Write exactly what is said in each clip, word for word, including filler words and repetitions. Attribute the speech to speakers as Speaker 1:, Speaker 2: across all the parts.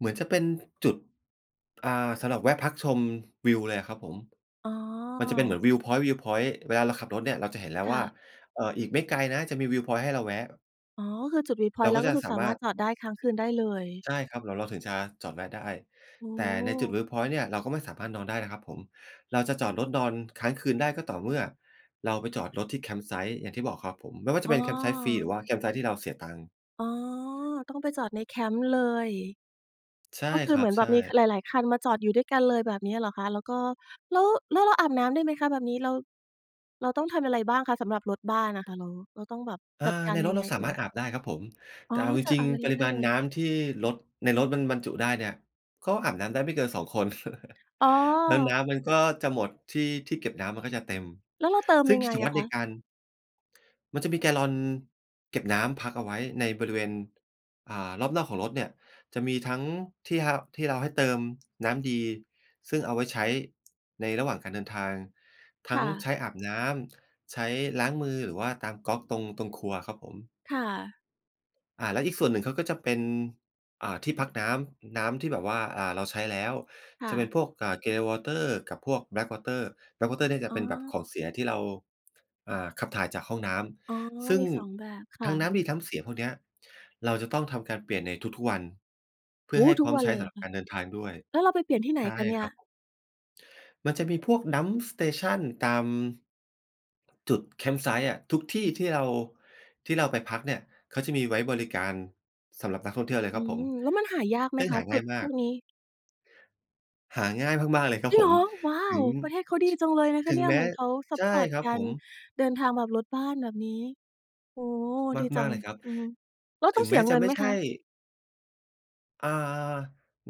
Speaker 1: เหมือนจะเป็นจุด อ่า สำหรับแวะพักชมวิวเลยอะครับผม
Speaker 2: อ๋อ
Speaker 1: มันจะเป็นเหมือน วิวพ็อยนต์ วิวพ็อยนต์ เวลาเราขับรถเนี่ย เราจะเห็นแล้ว
Speaker 2: ค
Speaker 1: ว
Speaker 2: ่
Speaker 1: ่า
Speaker 2: ะ
Speaker 1: เอ่อ อีกไม่ไกลนะจะมี วิวพ็อยนต์ ให้เราแวะ
Speaker 2: อ๋อ ก็คือจุด วิวพ็
Speaker 1: เ
Speaker 2: อ
Speaker 1: ร
Speaker 2: ยน
Speaker 1: า
Speaker 2: ต์ แล
Speaker 1: ก
Speaker 2: ้
Speaker 1: ็
Speaker 2: วก
Speaker 1: จ
Speaker 2: ็
Speaker 1: ะ
Speaker 2: คือ
Speaker 1: สา
Speaker 2: สา
Speaker 1: ม
Speaker 2: ม
Speaker 1: า
Speaker 2: าร
Speaker 1: ร
Speaker 2: ถ
Speaker 1: ถ
Speaker 2: จอดได้ ค้างคืนได้เลย
Speaker 1: ใช่ครับ แล้วเราถึงจะจอดแวะได้
Speaker 2: โอ้
Speaker 1: แต่
Speaker 2: โ
Speaker 1: ในจุด ว
Speaker 2: ฮ
Speaker 1: ิวพ็อยนต์ เนี่ย เราก็ไม่สามารถนอนได้นะครับผม เราจะจอดรถนอนค้างคืนได้ก็ต่อเมื่อ เราไปจอดรถที่ Campsite อย่างที่บอกครับผม ไม่ว่าจะ
Speaker 2: อ้
Speaker 1: เป็น Campsite ฟรี หร
Speaker 2: อ
Speaker 1: ือว่า Campsite ที่เราเสียตังค์
Speaker 2: อ๋อ ต้องไปจอดในแคมป์เลย
Speaker 1: ใช่
Speaker 2: ก็คื
Speaker 1: ค
Speaker 2: อ
Speaker 1: ร
Speaker 2: เ
Speaker 1: ั
Speaker 2: หมื
Speaker 1: บ
Speaker 2: อนแ
Speaker 1: ใ
Speaker 2: บ
Speaker 1: ช
Speaker 2: บ
Speaker 1: ่
Speaker 2: มี ค หลาย ๆ คันมาจอดอยู่ด้วยกันเลย แบบเนี้ยเหรอคะ? แล้วก็ แล้ว แล้วเราอาบน้ำได้ไหมคะแบบนี้? เรา เราต้องทำอะไรบ้างคะสำหรับรถบ้านน่ะคะ เรา เราต้องแบบ
Speaker 1: อ่
Speaker 2: จ
Speaker 1: า
Speaker 2: ัดกา
Speaker 1: ใน
Speaker 2: รย
Speaker 1: ร
Speaker 2: ั
Speaker 1: ถ
Speaker 2: ง
Speaker 1: เ
Speaker 2: ไ
Speaker 1: ร
Speaker 2: ง
Speaker 1: าส
Speaker 2: เ
Speaker 1: า
Speaker 2: อ่
Speaker 1: มารถ
Speaker 2: ย?
Speaker 1: อาบได้ครับผม
Speaker 2: อ
Speaker 1: แ
Speaker 2: ๋
Speaker 1: ต
Speaker 2: อ
Speaker 1: ่เอาจ
Speaker 2: จอด
Speaker 1: ริ
Speaker 2: อา
Speaker 1: ง
Speaker 2: บใน
Speaker 1: ๆ ป
Speaker 2: รถ
Speaker 1: ริ
Speaker 2: ได้
Speaker 1: มา
Speaker 2: เ
Speaker 1: ณ
Speaker 2: ลย
Speaker 1: น้ำที่รถ ในรถมันบรรจุได้เนี่ย ก็อาบน้ำได้ไม่เกิน สอง คน
Speaker 2: อ๋อ
Speaker 1: แล้วน้ำมันก็จะหมด ที่ ที่เก็บน้ำมันก็จะเต็ม
Speaker 2: แล้วเราเติม
Speaker 1: ซึ่
Speaker 2: ย
Speaker 1: ง
Speaker 2: ัง
Speaker 1: ก
Speaker 2: ไ
Speaker 1: ิ
Speaker 2: ง
Speaker 1: จ
Speaker 2: อ
Speaker 1: วั
Speaker 2: ะ
Speaker 1: ตร
Speaker 2: ค
Speaker 1: ใน
Speaker 2: ะ?
Speaker 1: การ มันจะมีแกลลอนเก็บน้ำพักเอาไว้ในบริเวณ อ่า รอบนอกของรถเนี่ย จะมีทั้งที่เฮา ที่เราให้เติมน้ำดี ซึ่งเอาไว้ใช้ในระหว่างการเดินทาง ท
Speaker 2: ค
Speaker 1: ั้ง
Speaker 2: ่
Speaker 1: ใช
Speaker 2: ะ
Speaker 1: ้อาบน้ำ ใช้ล้างมือ หรือว่าตามก๊อกตรง ตรงครัวครับผม
Speaker 2: ค่ะ
Speaker 1: อ่า แล้วอีกส่วนหนึ่งเขาก็จะเป็น อ่า ที่พักน้ำ น้ำที่แบบว่า อ่า เราใช้แล้ว
Speaker 2: ค่
Speaker 1: จะเป็
Speaker 2: ะ
Speaker 1: นพวก อ่า grey water กับพวก Black water Black water เนี่ยจ
Speaker 2: อ
Speaker 1: ะ
Speaker 2: ๋
Speaker 1: เป็นแบบข
Speaker 2: อ
Speaker 1: องเสียที่เรา อ่า ขับถ่ายจากห้องน้
Speaker 2: อ๋อ
Speaker 1: ำ ซึ่
Speaker 2: ม
Speaker 1: ง
Speaker 2: ี สอง แบบ ค
Speaker 1: ท
Speaker 2: ่
Speaker 1: ั้งน้
Speaker 2: ะ
Speaker 1: ำดีน้ำเสียพวกเนี้ย เราจะต้องทำการเปลี่ยนในทุก ๆ วัน เพ
Speaker 2: โ
Speaker 1: ื
Speaker 2: อ
Speaker 1: ่อ
Speaker 2: ้โ
Speaker 1: ใ
Speaker 2: ฮ!
Speaker 1: ห้
Speaker 2: ท
Speaker 1: พ
Speaker 2: ุ
Speaker 1: ร้
Speaker 2: ก
Speaker 1: อม
Speaker 2: วั
Speaker 1: ใ
Speaker 2: น
Speaker 1: ช้
Speaker 2: เลย
Speaker 1: ส
Speaker 2: เห
Speaker 1: ำ
Speaker 2: ร
Speaker 1: ห
Speaker 2: อ
Speaker 1: รั
Speaker 2: ค
Speaker 1: บก
Speaker 2: ะ?
Speaker 1: ารเดินทางด้วย
Speaker 2: แล้วเราไปเปลี่ยนที่ไหน
Speaker 1: ใช่
Speaker 2: คะเนี่
Speaker 1: ค
Speaker 2: ย?
Speaker 1: รับผม มันจะมีพวก dump station ตาม จุด Campsite อะ ทุกที่ที่เรา ที่เราไปพักเนี่ย เขาจะมีไว้บริการสำหรับนักท่องเที่ยวเลย
Speaker 2: อื
Speaker 1: ครับผ
Speaker 2: ม
Speaker 1: ม
Speaker 2: แล้วมันหายากไหม
Speaker 1: ซึ่ง
Speaker 2: ค
Speaker 1: ห
Speaker 2: ะ
Speaker 1: า
Speaker 2: จ
Speaker 1: ง
Speaker 2: ุ
Speaker 1: ่า
Speaker 2: ด
Speaker 1: ยม
Speaker 2: พ
Speaker 1: า
Speaker 2: ว
Speaker 1: ก
Speaker 2: กนี้?
Speaker 1: หาง่ายมาก ๆ เลยครั
Speaker 2: จ
Speaker 1: บ
Speaker 2: ริง
Speaker 1: ผ
Speaker 2: เหร
Speaker 1: ม
Speaker 2: อ! ว้า
Speaker 1: ถึ
Speaker 2: ว
Speaker 1: ง
Speaker 2: ประเทศเขาดี
Speaker 1: ช
Speaker 2: จังเลยนะค
Speaker 1: ถ
Speaker 2: ะ
Speaker 1: ึ
Speaker 2: เ
Speaker 1: ง
Speaker 2: นี่ย
Speaker 1: แม
Speaker 2: เห
Speaker 1: ้
Speaker 2: มือนเขาซัป
Speaker 1: ใช่
Speaker 2: พอร์ต
Speaker 1: ครับ
Speaker 2: กา
Speaker 1: ผ
Speaker 2: ร
Speaker 1: ม
Speaker 2: เดินทางแบบรถบ้านแบบนี้ โอ้โฮ ดีจ
Speaker 1: ม
Speaker 2: ั
Speaker 1: าก
Speaker 2: ง
Speaker 1: ๆ เลยครับ
Speaker 2: อือฮึ แล้ว
Speaker 1: ถ
Speaker 2: ต
Speaker 1: ึ
Speaker 2: ้อง
Speaker 1: ง
Speaker 2: เส
Speaker 1: แม
Speaker 2: ี
Speaker 1: ้
Speaker 2: ย
Speaker 1: จ
Speaker 2: เง
Speaker 1: ะ
Speaker 2: ิน
Speaker 1: ไม่
Speaker 2: ไหม
Speaker 1: ใช
Speaker 2: ค
Speaker 1: ่
Speaker 2: ะ?
Speaker 1: อ่า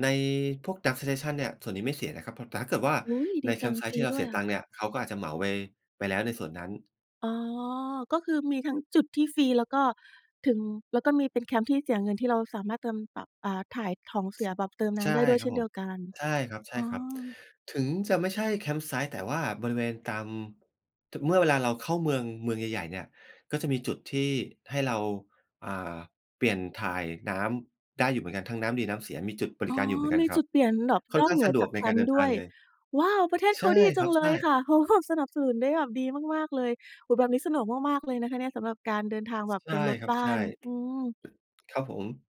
Speaker 1: ในพวก dump station เนี่ย ส่วนนี้ไม่เสียนะครับ เพราะ แต่ถ้าเกิดว่า
Speaker 2: อุ๊ย!
Speaker 1: ใ
Speaker 2: ด
Speaker 1: น
Speaker 2: ีจังฟ
Speaker 1: Campsite
Speaker 2: ร
Speaker 1: ที
Speaker 2: ี
Speaker 1: ่เรา
Speaker 2: ด้
Speaker 1: เส
Speaker 2: ว
Speaker 1: ี
Speaker 2: ย
Speaker 1: ย
Speaker 2: อ
Speaker 1: ตั
Speaker 2: ะ
Speaker 1: งค์เนี่ย เขาก็อาจจะเหมาไป ไปแล้วในส่วนนั้น
Speaker 2: อ๋อ ก็คือมีทั้งจุดที่ฟรี แล้วก็ถึง แล้วก็มีเป็นแคมป์ที่เสียเงิน ที่เราสามารถเติมแบบ อ่า ถ่ายของเสียแบบ เติมน้
Speaker 1: ใช่
Speaker 2: ำได้ด้วย
Speaker 1: ค
Speaker 2: เ
Speaker 1: ร
Speaker 2: ช
Speaker 1: ั
Speaker 2: ่
Speaker 1: บ
Speaker 2: น
Speaker 1: ผ
Speaker 2: เดี
Speaker 1: ม
Speaker 2: ยวกัน
Speaker 1: ใช่ค
Speaker 2: อ๋
Speaker 1: รับ
Speaker 2: อ
Speaker 1: ๆ ถึงจะไม่ใช่ Campsite แต่ว่าบริเวณตาม ถึ เมื่อเวลาเราเข้าเมือง เมืองใหญ่ ๆ เนี่ย ก็จะมีจุดที่ให้เรา อ่า เปลี่ยนถ่ายน้ำได้อยู่เหมือนกัน ทั้งน้ำดีน้ำเสีย มีจุดบ
Speaker 2: อ
Speaker 1: ร
Speaker 2: ๋
Speaker 1: ิ
Speaker 2: อ
Speaker 1: การอยู่เหมือนกั
Speaker 2: ม
Speaker 1: น
Speaker 2: ี
Speaker 1: คร
Speaker 2: จ
Speaker 1: ั
Speaker 2: ุ
Speaker 1: บ
Speaker 2: ดเปลี่ยนหนอก
Speaker 1: ค่อ
Speaker 2: น
Speaker 1: น
Speaker 2: อ
Speaker 1: ข
Speaker 2: ก
Speaker 1: ้า
Speaker 2: เ
Speaker 1: ง
Speaker 2: หนื
Speaker 1: ส
Speaker 2: อ
Speaker 1: ะด
Speaker 2: จ
Speaker 1: ว
Speaker 2: า
Speaker 1: ก
Speaker 2: ก
Speaker 1: ใ
Speaker 2: แ
Speaker 1: น
Speaker 2: ค
Speaker 1: การ
Speaker 2: ม
Speaker 1: เ
Speaker 2: ป
Speaker 1: ดิ
Speaker 2: ์
Speaker 1: น
Speaker 2: ด
Speaker 1: ท
Speaker 2: ้
Speaker 1: า
Speaker 2: ว
Speaker 1: ง
Speaker 2: ย
Speaker 1: เลย
Speaker 2: ว้าว! ประเทศ
Speaker 1: ใ
Speaker 2: เ
Speaker 1: ช
Speaker 2: ข
Speaker 1: ่
Speaker 2: าดีจ
Speaker 1: ค
Speaker 2: ั
Speaker 1: รั
Speaker 2: ง
Speaker 1: บ
Speaker 2: เล
Speaker 1: ใช่
Speaker 2: ยค่ะ เขาแบบ สนับสนุนได้แบบดีมาก ๆ เลย โอ้โฮ แบบนี้สะดวกมาก ๆ เลยนะคะเนี่ย สำหรับการเดินทางแบบ
Speaker 1: ใช
Speaker 2: เป
Speaker 1: ่
Speaker 2: ็นรถ
Speaker 1: ครับ
Speaker 2: บ้
Speaker 1: ใ
Speaker 2: า
Speaker 1: ช่
Speaker 2: น อืม
Speaker 1: ครับผม